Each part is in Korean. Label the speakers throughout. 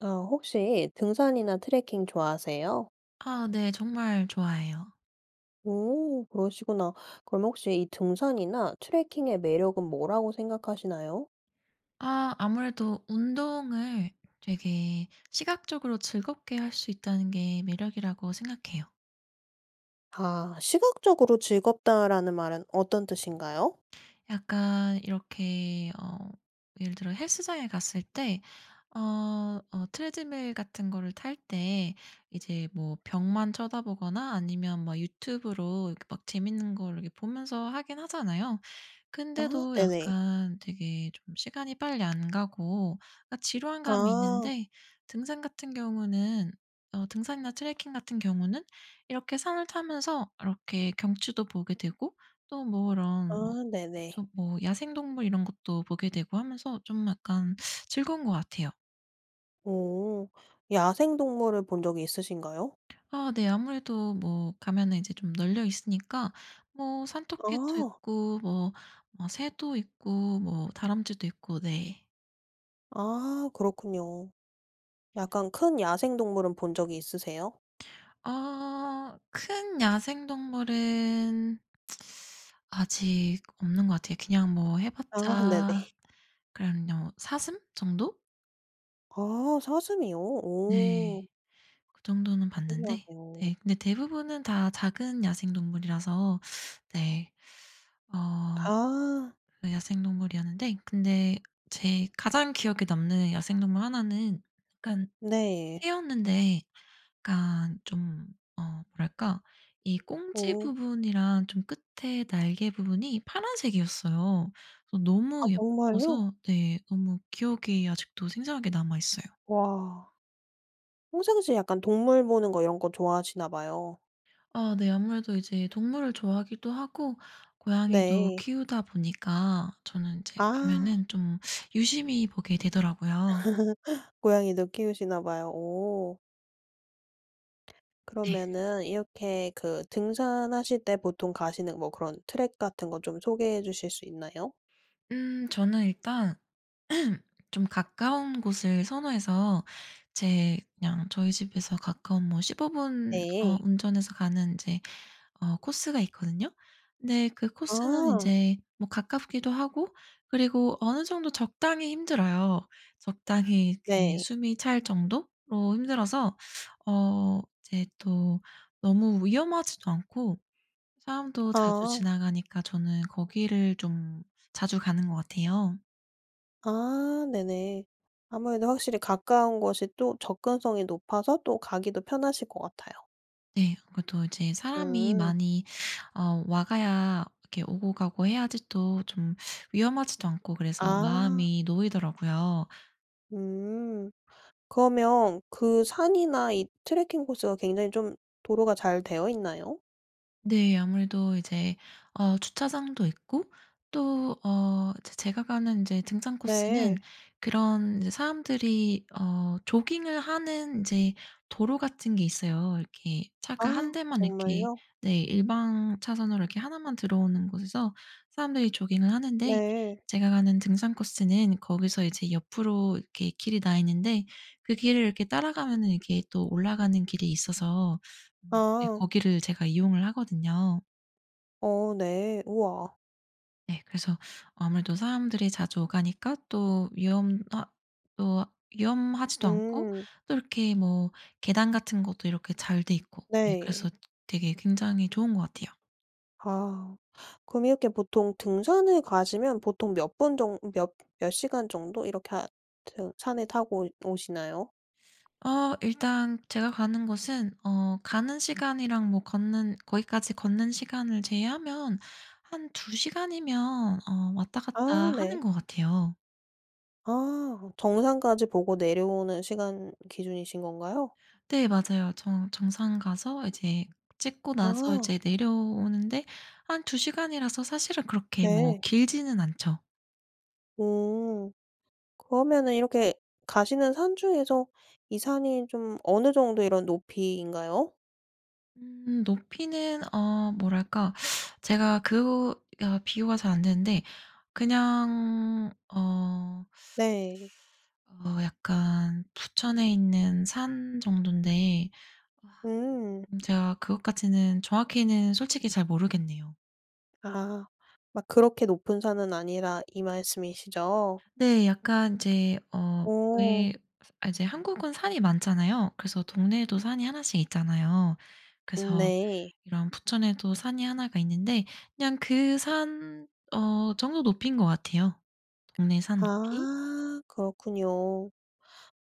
Speaker 1: 어 혹시 등산이나 트래킹 좋아하세요?
Speaker 2: 아 네. 정말 좋아해요.
Speaker 1: 오 그러시구나. 그럼 혹시 이 등산이나 트래킹의 매력은 뭐라고 생각하시나요?
Speaker 2: 아 아무래도 운동을 되게 '시각적으로 즐겁게 할 수 있다.'는 게 매력이라고 생각해요.
Speaker 1: 아. '시각적으로 즐겁다.'라는 말은 어떤 뜻인가요?
Speaker 2: 약간 이렇게 어 예를 들어 헬스장에 갔을 때 어 어 트레드밀 같은 걸 탈 때 이제 뭐 벽만 쳐다보거나 아니면 막 유튜브로 이렇게 막 재미있는 걸 이렇게 보면서 하긴 하잖아요.
Speaker 1: 아
Speaker 2: 근데도
Speaker 1: 네네.
Speaker 2: 약간 되게 좀 시간이 빨리 안 가고 아 지루한 감이
Speaker 1: 아.
Speaker 2: 있는데 등산 같은 경우는 어 등산이나 트래킹 같은 경우는 이렇게 산을 타면서 이렇게 경치도 보게 되고 또 뭐 이런 뭐
Speaker 1: 아 네네.
Speaker 2: 근처 야생동물 이런 것도 보게 되고 하면서 좀 약간 즐거운 것 같아요.
Speaker 1: 오. 야생동물을 본 적이 있으신가요?
Speaker 2: 아 네. 아무래도 뭐 가면은 인제 좀 널려 있으니까. 뭐 산토끼도
Speaker 1: 아.
Speaker 2: 있고 뭐, 뭐 새도 있고 뭐 다람쥐도 있고 네.
Speaker 1: 아 그렇군요. 약간 큰 야생동물은 본 적이 있으세요?
Speaker 2: 아. 큰 야생동물은 아직 없는 것 같아요. 그냥 뭐 해
Speaker 1: 아.
Speaker 2: 봤자
Speaker 1: 네네.
Speaker 2: 그냥 요 사슴 정도?
Speaker 1: 아 사슴이요?
Speaker 2: 네.
Speaker 1: 오.
Speaker 2: 그 정도는 봤는데
Speaker 1: 신기하네요.
Speaker 2: 네 근데 대부분은 다 작은 야생동물이라서 네. 어
Speaker 1: 아.
Speaker 2: 네 야생동물이었는데 근데 제 가장 기억에 남는 야생동물 하나는 약간
Speaker 1: 네.
Speaker 2: 새였는데 약간 좀 어 뭐랄까? 이 꽁지
Speaker 1: 오.
Speaker 2: 부분이랑 좀 끝에 날개 부분이 파란색이었어요. 그래서
Speaker 1: 아
Speaker 2: 너무
Speaker 1: 정말요?
Speaker 2: 예뻐서 네 너무 기억이 아직도 생생하게 남아있어요.
Speaker 1: 와. 평상시에 약간 동물 보는 거 이런 거 좋아하시나 봐요.
Speaker 2: 아 네 아무래도 이제 동물을 좋아하기도 하고 고양이도
Speaker 1: 네.
Speaker 2: 키우다 보니까 저는 이제
Speaker 1: 아.
Speaker 2: 가면은 좀 유심히 보게 되더라고요.
Speaker 1: 고양이도 키우시나 봐요. 오.
Speaker 2: 네.
Speaker 1: 그러면은 이렇게 그 등산하실 때 보통 가시는 뭐 그런 트랙 같은 것 좀 소개해 주실 수 있나요?
Speaker 2: 음 저는 일단 좀 가까운 곳을 선호해서 제 그냥 저희 집에서 가까운 뭐 15 분 어
Speaker 1: 네.
Speaker 2: 운전해서 가는 인제 어 코스가 있거든요? 근데 그 코스는
Speaker 1: 아.
Speaker 2: 인제 뭐 가깝기도 하고 그리고 어느 정도 적당히 힘들어요. 적당히 이
Speaker 1: 네.
Speaker 2: 숨이 찰 정도로 힘들어서 어 이제 또 너무 위험하지도 않고 사람도 자주
Speaker 1: 아.
Speaker 2: 지나가니까 저는 거기를 좀 자주 가는 것 같아요.
Speaker 1: 아 네네. 아무래도 확실히 가까운 곳이 또 접근성이 높아서 또 가기도 편하실 것 같아요.
Speaker 2: 네 그러니까 또 이제 사람이
Speaker 1: 음.
Speaker 2: 많이 어 오가야 이렇게 오고 가고 해야지 또 좀 위험하지도 않고 그래서
Speaker 1: 아.
Speaker 2: 마음이 놓이더라고요.
Speaker 1: 음. 그러면 그 산이나 이 트래킹 코스가 굉장히 좀 도로가 잘 되어 있나요?
Speaker 2: 네 아무래도 이제 어 주차장도 있고 또 어 제 제가 가는 인제 등산 코스는
Speaker 1: 네.
Speaker 2: 그런 인제 사람들이 어 조깅을 하는 인제 도로 같은 게 있어요. 이렇게 차가 1
Speaker 1: 아
Speaker 2: 대만 이렇게
Speaker 1: 정말요?
Speaker 2: 네 일방 차선으로 이렇게 1 만 들어오는 곳에서 사람들이 조깅을 하는데
Speaker 1: 네.
Speaker 2: 제가 가는 등산 코스는 거기서 이제 옆으로 이렇게 길이 나 있는데 그 길을 이렇게 따라가면은 이렇게 또 올라가는 길이 있어서 음 네
Speaker 1: 아.
Speaker 2: 거기를 제가 이용을 하거든요.
Speaker 1: 어 네. 우와.
Speaker 2: 네. 그래서 아무래도 사람들이 자주 오가니까 또 위험하 또 위험하지도 않고
Speaker 1: 음.
Speaker 2: 또 이렇게 뭐 계단 같은 것도 이렇게 잘 돼 있고. 예 그래서
Speaker 1: 네.
Speaker 2: 되게 굉장히 좋은 것 같아요.
Speaker 1: 아. 그럼 이렇게 보통 등산을 가시면 보통 몇 분 정 몇 몇 시간 정도 이렇게 하 트 산을 타고 오 오시나요?
Speaker 2: 어 일단 제가 가는 곳은 어 가는 시간이랑 뭐 걷는 거기까지 걷는 시간을 제외하면 한 2 시간이면 어 왔다 갔다
Speaker 1: 아
Speaker 2: 하는
Speaker 1: 네.
Speaker 2: 것 같아요.
Speaker 1: 아. 정상까지 보고 내려오는 시간 기준이신 건가요?
Speaker 2: 네 맞아요. 정 정상 가서 이제 찍고 나서
Speaker 1: 아.
Speaker 2: 이제 내려오는 데 한 2 시간이라서 사실은 그렇게 뭐
Speaker 1: 네.
Speaker 2: 길지는 않죠.
Speaker 1: 오. 그러면은 이렇게 가시는 산 중에서 이 산이 좀 어느 정도 이런 높이인가요?
Speaker 2: 음 높이는 어 뭐랄까? 제가 그 아 비교가 잘 안 되는데 그냥 어
Speaker 1: 네.
Speaker 2: 어 약간 부천에 있는 산 정도인데 아
Speaker 1: 음.
Speaker 2: 음 제가 그것까지는 정확히는 솔직히 잘 모르겠네요.
Speaker 1: 아. 막 그렇게 높은 산은 아니라 이 말씀이시죠?
Speaker 2: 네. 약간 인제 어
Speaker 1: 오.
Speaker 2: 왜 아 이제 한국은 산이 많잖아요. 그래서 동네에도 산이 1 씩 있잖아요.
Speaker 1: 음
Speaker 2: 그래서
Speaker 1: 네.
Speaker 2: 이런 부천에도 산이 1 가 있는데 그냥 그 산 어 정도 높이인 것 같아요 동네 산 높이.
Speaker 1: 아 그렇군요.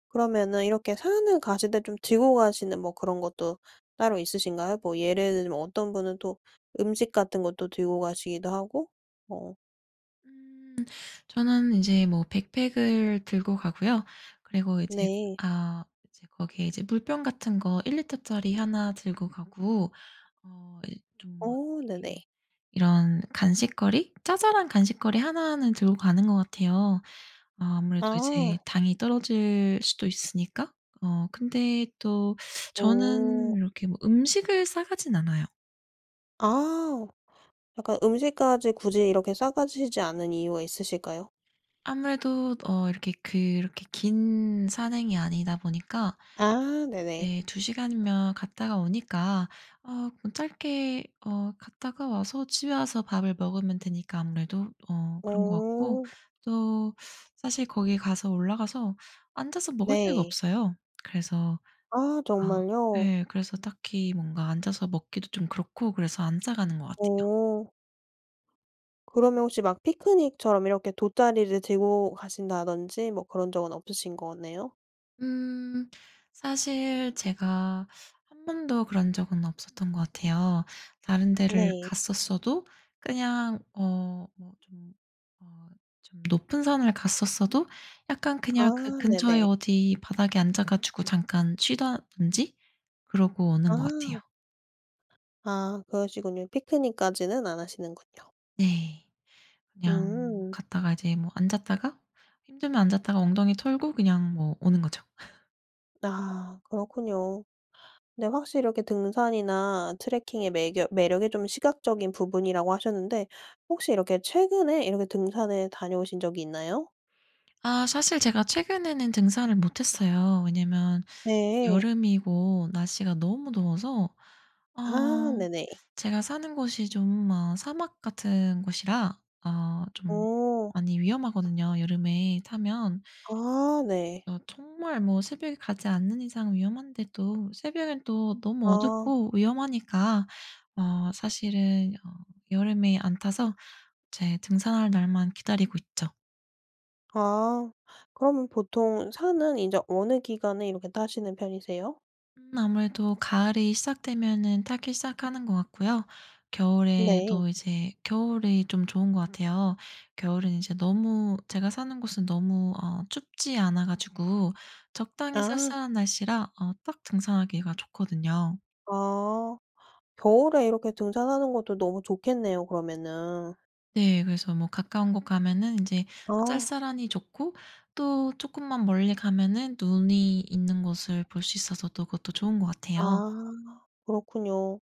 Speaker 1: 그러면은 이렇게 산을 가실 때 좀 들고 가시는 뭐 그런 것도 따로 있으신가요? 뭐 예를 들면 어떤 분은 또 음식 같은 것도 들고 가시기도 하고 뭐
Speaker 2: 음 저는 이제 뭐 백팩을 들고 가고요. 그리고 이제
Speaker 1: 네.
Speaker 2: 아 이제 거기에 이제 물병 같은 거 1 리터짜리 1나 들고 가고 어 이제 좀
Speaker 1: 오 네네.
Speaker 2: 이렇게 이런 간식거리 자잘한 간식거리 1 는 들고 가는 것 같아요. 어 아무래도 이제
Speaker 1: 아.
Speaker 2: 당이 떨어질 수도 있으니까 어 근데 또 저는
Speaker 1: 오.
Speaker 2: 이렇게 뭐 음식을 싸가진 않아요.
Speaker 1: 아 약간 음식까지 굳이 이렇게 싸 가시지 않은 이유가 있으실까요?
Speaker 2: 아무래도 어 이렇게 그렇게 긴 산행이 아니다 보니까
Speaker 1: 아 네네.
Speaker 2: 네 2 시간이면 갔다가 오니까 아 그건 짧게 어 갔다가 와서 집에 와서 밥을 먹으면 되니까 아무래도 어 그런 것 같고
Speaker 1: 어.
Speaker 2: 또 사실 거기 가서 올라가서 앉아서 먹을 데가
Speaker 1: 네.
Speaker 2: 없어요. 그래서
Speaker 1: 아
Speaker 2: 어
Speaker 1: 정말요.
Speaker 2: 예 그래서 딱히 뭔가 앉아서 먹기도 좀 그렇고 그래서 안 싸 가는 것 같아요.
Speaker 1: 오. 그러면 혹시 막 피크닉처럼 이렇게 돗자리를 들고 가신다든지 뭐 그런 적은 없으신 거네요?
Speaker 2: 음. 사실 제가 한 번도 그런 적은 없었던 것 같아요. 다른 데를
Speaker 1: 네.
Speaker 2: 갔었어도 그냥 어 뭐 좀 어 좀 높은 산을 갔었어도 약간 그냥 그
Speaker 1: 아
Speaker 2: 근처에
Speaker 1: 네네.
Speaker 2: 어디 바닥에 앉아 가지고 잠깐 쉬다든지 그러고
Speaker 1: 아.
Speaker 2: 오는 것 같아요.
Speaker 1: 아 그러시군요. 피크닉까지는 안 하시는군요.
Speaker 2: 네. 그냥
Speaker 1: 음.
Speaker 2: 갔다가 이제 뭐 앉았다가 힘들면 앉았다가 엉덩이 털고 그냥 뭐 오는 거죠.
Speaker 1: 아 그렇군요. 근데 확실히 이렇게 등산이나 트래킹의 매겨 매력이 좀 시각적인 부분이라고 하셨는데 혹시 이렇게 최근에 이렇게 등산을 다녀오신 적이 있나요?
Speaker 2: 아 사실 제가 최근에는 등산을 못했어요. 왜냐하면
Speaker 1: 네.
Speaker 2: 여름이고 날씨가 너무 더워서
Speaker 1: 아
Speaker 2: 아
Speaker 1: 네네.
Speaker 2: 제가 사는 곳이 좀 어 사막 같은 곳이라 어 좀
Speaker 1: 어.
Speaker 2: 많이 위험하거든요 여름에 타면.
Speaker 1: 아 네.
Speaker 2: 어 정말 뭐 새벽에 가지 않는 이상 위험한데도 새벽에는 또 너무
Speaker 1: 아.
Speaker 2: 어둡고 위험하니까 어 사실은 어 여름에 안 타서 이제 등산할 날만 기다리고 있죠.
Speaker 1: 아 그러면 보통 산은 인제 어느 기간에 이렇게 타시는 편이세요?
Speaker 2: 음 아무래도 가을이 시작되면 타기 시작하는 것 같고요.
Speaker 1: 네.
Speaker 2: 겨울에도 이제 겨울이 좀 좋은 것 같아요. 겨울은 이제 너무 제가 사는 곳은 너무 어 춥지 않아 가지고 적당히
Speaker 1: 아.
Speaker 2: 쌀쌀한 날씨라 어 딱 등산하기가 좋거든요.
Speaker 1: 아 겨울에 이렇게 등산하는 것도 너무 좋겠네요 그러면은.
Speaker 2: 네 그래서 뭐 가까운 곳 가면은 인제
Speaker 1: 아.
Speaker 2: 쌀쌀하니 좋고 또 쪼끔만 멀리 가면은 눈이 있는 곳을 볼 수 있어서 또 그것도 좋은 것 같아요.
Speaker 1: 아 그렇군요.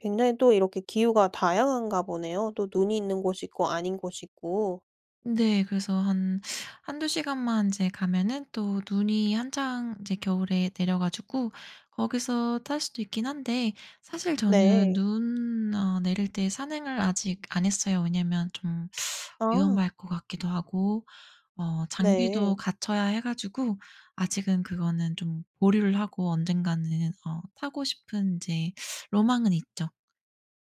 Speaker 1: 굉장히 또 이렇게 기후가 다양한가 보네요. 또 눈이 있는 곳이 있고 아닌 곳이 있고.
Speaker 2: 네 그래서 한 1-2 시간만 인제 가면은 또 눈이 한창 이제 겨울에 내려 가지고 거기서 탈 수도 있긴 한데 사실 저는
Speaker 1: 네.
Speaker 2: 눈 어 내릴 때 산행을 아직 안 했어요. 왜냐하면 좀
Speaker 1: 아.
Speaker 2: 위험할 것 같기도 하고 어
Speaker 1: 네.
Speaker 2: 장비도 갖춰야 해 가지고 아직은 그거는 좀 보류를 하고 언젠가는 어 타고 싶은 이제 로망은 있죠.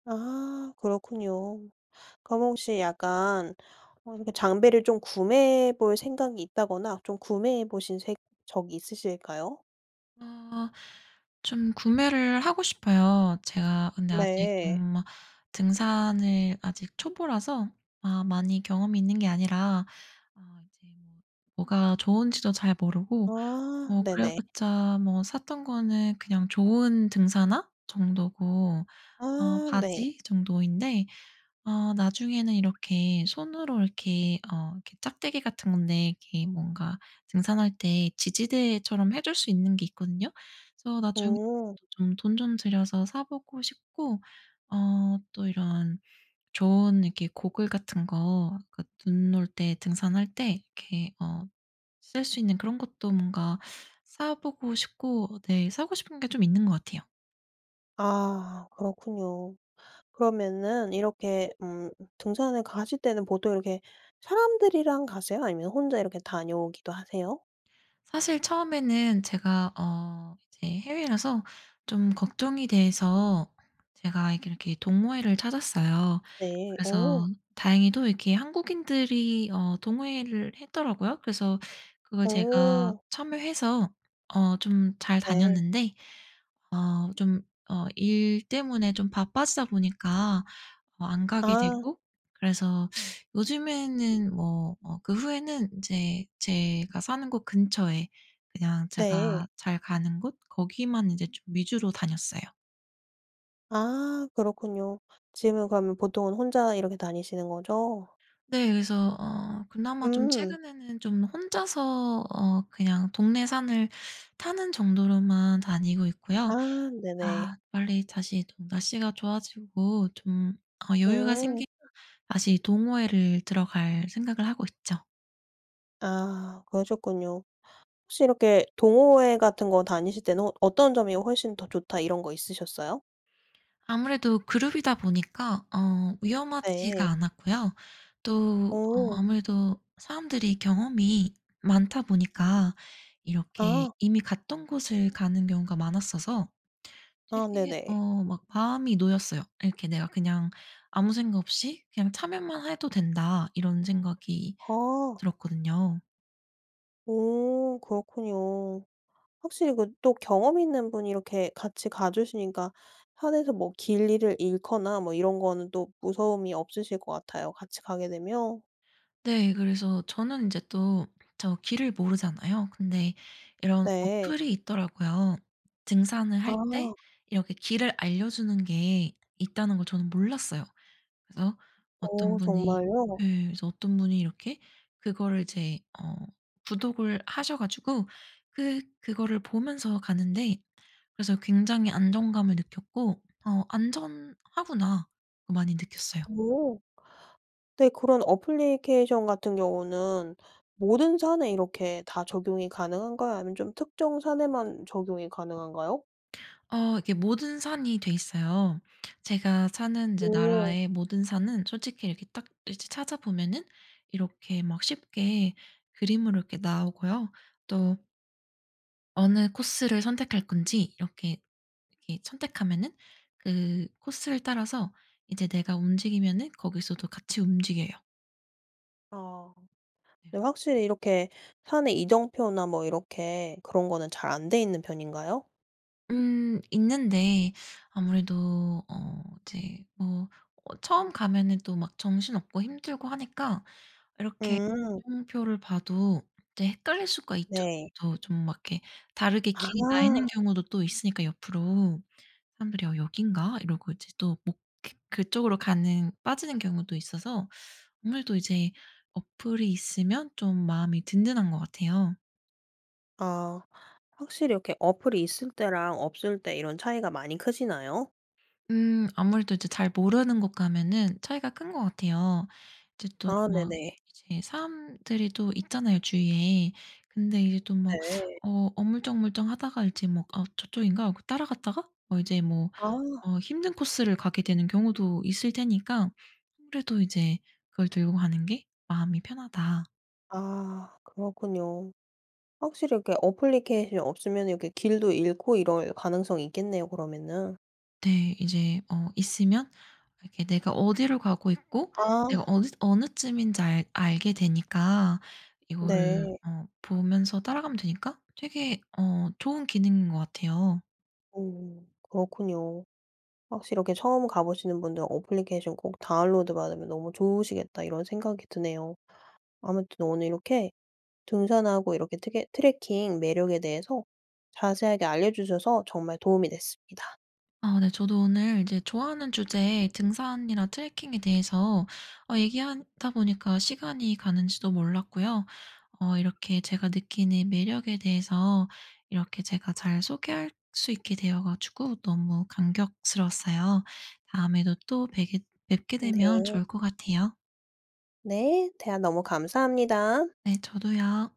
Speaker 1: 아 그렇군요. 그럼 혹시 약간 어 이렇게 장비를 좀 구매해 볼 생각이 있다거나 좀 구매해 보신 색 적이 있으실까요?
Speaker 2: 아. 좀 구매를 하고 싶어요. 제가 근데 아직
Speaker 1: 네.
Speaker 2: 좀 아 등산을 아직 초보라서 아 많이 경험이 있는 게 아니라 어 이제 뭐 뭐가 좋은 지도 잘 모르고
Speaker 1: 아
Speaker 2: 뭐 그래
Speaker 1: 네네.
Speaker 2: 봤자 뭐 샀던 거는 그냥 좋은 등산화 정도고 어
Speaker 1: 아 네.
Speaker 2: 바지 정도인데 어 나중에는 이렇게 손으로 이렇게 어 이렇게 작대기 같은 건데 이렇게 뭔가 등산할 때 지지대처럼 해 줄 수 있는 게 있거든요. 그래서 나중에
Speaker 1: 음.
Speaker 2: 좀 돈 좀 들여서 사 보고 싶고 어 또 이런 좋은 이렇게 고글 같은 거 그 눈 올 때 등산할 때 이렇게 어 쓸 수 있는 그런 것도 뭔가 사 보고 싶고 네 사고 싶은 게 좀 있는 것 같아요.
Speaker 1: 아 그렇군요. 그러면은 이렇게 음 등산을 가실 때는 보통 이렇게 사람들이랑 가세요? 아니면 혼자 이렇게 다녀오기도 하세요?
Speaker 2: 사실 처음에는 제가 어 이제 해외라서 좀 걱정이 돼서 제가 이렇게, 이렇게 동호회를 찾았어요.
Speaker 1: 네. 오.
Speaker 2: 그래서 다행히도 이렇게 한국인들이 어 동호회를 했더라고요? 그래서 그걸 제가
Speaker 1: 오.
Speaker 2: 참여해서 어 좀 잘
Speaker 1: 네.
Speaker 2: 다녔는데 어 좀 어 일 때문에 좀 바빠지다 보니까 어 안 가게
Speaker 1: 아.
Speaker 2: 되고 그래서 요즘에는 뭐 뭐 그 후에는 인제 제가 사는 곳 근처에 그냥 제가
Speaker 1: 네.
Speaker 2: 잘 가는 곳? 거기만 이제 좀 위주로 다녔어요.
Speaker 1: 아 그렇군요. 지금은 그러면 보통은 혼자 이렇게 다니시는 거죠?
Speaker 2: 네 그래서 어 그나마 좀
Speaker 1: 음.
Speaker 2: 최근에는 좀 혼자서 어 그냥 동네 산을 타는 정도로만 다니고 있고요.
Speaker 1: 아 네네.
Speaker 2: 아 빨리 다시 좀 날씨가 좋아지고 좀 어 여유가
Speaker 1: 음.
Speaker 2: 생기면 다시 동호회를 들어갈 생각을 하고 있죠.
Speaker 1: 아 그러셨군요. 혹시 이렇게 동호회 같은 거 다니실 때는 '어 어떤 점이 훨씬 더 좋다.' 이런 거 있으셨어요?
Speaker 2: 아무래도 그룹이다 보니까 어 위험하지가
Speaker 1: 네.
Speaker 2: 않았고요. 또 어
Speaker 1: 어.
Speaker 2: 아무래도 사람들이 경험이 많다 보니까 이렇게
Speaker 1: 아.
Speaker 2: 이미 갔던 곳을 가는 경우가 많았어서
Speaker 1: 아
Speaker 2: 되게
Speaker 1: 네네.
Speaker 2: 어 막 마음이 놓였어요. 이렇게 내가 그냥 아무 생각 없이 그냥 '참여만 해도 된다.' 이런 생각이
Speaker 1: 아.
Speaker 2: 들었거든요.
Speaker 1: 오 그렇군요. 확실히 그 또 경험이 있는 분이 이렇게 같이 가 주시니까 편해서 뭐 길 잃을 잃거나 뭐 이런 거는 또 무서움이 없으실 것 같아요 같이 가게 되면.
Speaker 2: 네 그래서 저는 인제 또 저 길을 모르잖아요. 근데 이런
Speaker 1: 네.
Speaker 2: 어플이 있더라고요. '등산을 할 때
Speaker 1: 아.
Speaker 2: 이렇게 길을 알려주는 게 있다.'는 걸 저는 몰랐어요. 그래서 어떤
Speaker 1: 어
Speaker 2: 분이
Speaker 1: 정말요?
Speaker 2: 예 그래서 어떤 분이 이렇게 그걸 이제 어 구독을 하셔 가지고 그 그거를 보면서 가는데 그래서 굉장히 안정감을 느꼈고 '어 안전하구나.' 많이 느꼈어요.
Speaker 1: 오. 근데 그런 애플리케이션 같은 경우는 모든 산에 이렇게 다 적용이 가능한가요 아니면 좀 특정 산에만 적용이 가능한가요?
Speaker 2: 어 이게 모든 산이 돼 있어요. 제가 사는 인제
Speaker 1: 오.
Speaker 2: 나라의 모든 산은 솔직히 이렇게 딱 이제 찾아보면은 이렇게 막 쉽게 그림으로 이렇게 나오고요. 또 어느 코스를 선택할 건지 이렇게, 이렇게 선택하면은 그 코스를 따라서 이제 내가 움직이면은 거기서도 같이 움직여요.
Speaker 1: 아. 근데 확실히 이렇게 산에 이정표나 뭐 이렇게 그런 거는 잘 안 돼 있는 편인가요?
Speaker 2: 음. 있는데 아무래도 어 이제 뭐 어 처음 가면은 또 막 정신없고 힘들고 하니까 이렇게
Speaker 1: 음.
Speaker 2: 이정표를 봐도 이제 헷갈릴 수가 있죠.
Speaker 1: 네.
Speaker 2: 더 좀 막 이렇게 다르게
Speaker 1: 아.
Speaker 2: 길이 나 있는 경우도 또 있으니까 옆으로. 사람들이 '여 여기인가?' 이러고 이제 또 목 이렇게 그쪽으로 가는 빠지는 경우도 있어서 아무래도 이제 어플이 있으면 좀 마음이 든든한 것 같아요.
Speaker 1: 아. 확실히 이렇게 어플이 있을 때랑 없을 때 이런 차이가 많이 크시나요?
Speaker 2: 음. 아무래도 이제 잘 모르는 곳 가면 차이가 큰 것 같아요. 이제 또
Speaker 1: 아
Speaker 2: 막
Speaker 1: 네네.
Speaker 2: 이제 사람들이 또 있잖아요 주위에. 근데 이제 또 막
Speaker 1: 네.
Speaker 2: 어 어물쩍어물쩍하다가 이제 뭐 '아 저쪽인가?' 하고 따라갔다가 뭐 이제 뭐
Speaker 1: 아.
Speaker 2: 어 힘든 코스를 가게 되는 경우도 있을 테니까 아무래도 이제 그걸 들고 가는 게 '마음이 편하다.'
Speaker 1: 아 그렇군요. 확실히 이렇게 애플리케이션 없으면 이렇게 길도 잃고 이럴 가능성이 있겠네요 그러면은.
Speaker 2: 네. 이제 어 있으면 이렇게 내가 어디로 가고 있고 내가
Speaker 1: 아.
Speaker 2: 어느 어느쯤인지 알 알게 되니까 이거를
Speaker 1: 네.
Speaker 2: 어 보면서 따라가면 되니까 되게 어 좋은 기능인 것 같아요.
Speaker 1: 오. 그렇군요. 확실히 이렇게 '처음 가 보시는 분들 애플리케이션 꼭 다운로드 받으면 너무 좋으시겠다.' 이런 생각이 드네요. 아무튼 오늘 이렇게 등산하고 이렇게 트개 트래킹 매력에 대해서 자세하게 알려 주셔서 정말 도움이 됐습니다.
Speaker 2: 아 네 저도 오늘 이제 좋아하는 주제의 등산이랑 트래킹에 대해서 어 얘기하다 보니까 시간이 가는지도 몰랐고요. 어 이렇게 제가 느끼는 매력에 대해서 이렇게 제가 잘 소개할 수 있게 되어 가지고 너무 감격스러웠어요. 다음에도 또 뵈게 뵙게 되면
Speaker 1: 네.
Speaker 2: 좋을 것 같아요.
Speaker 1: 네. 대화 너무 감사합니다.
Speaker 2: 네 저도요.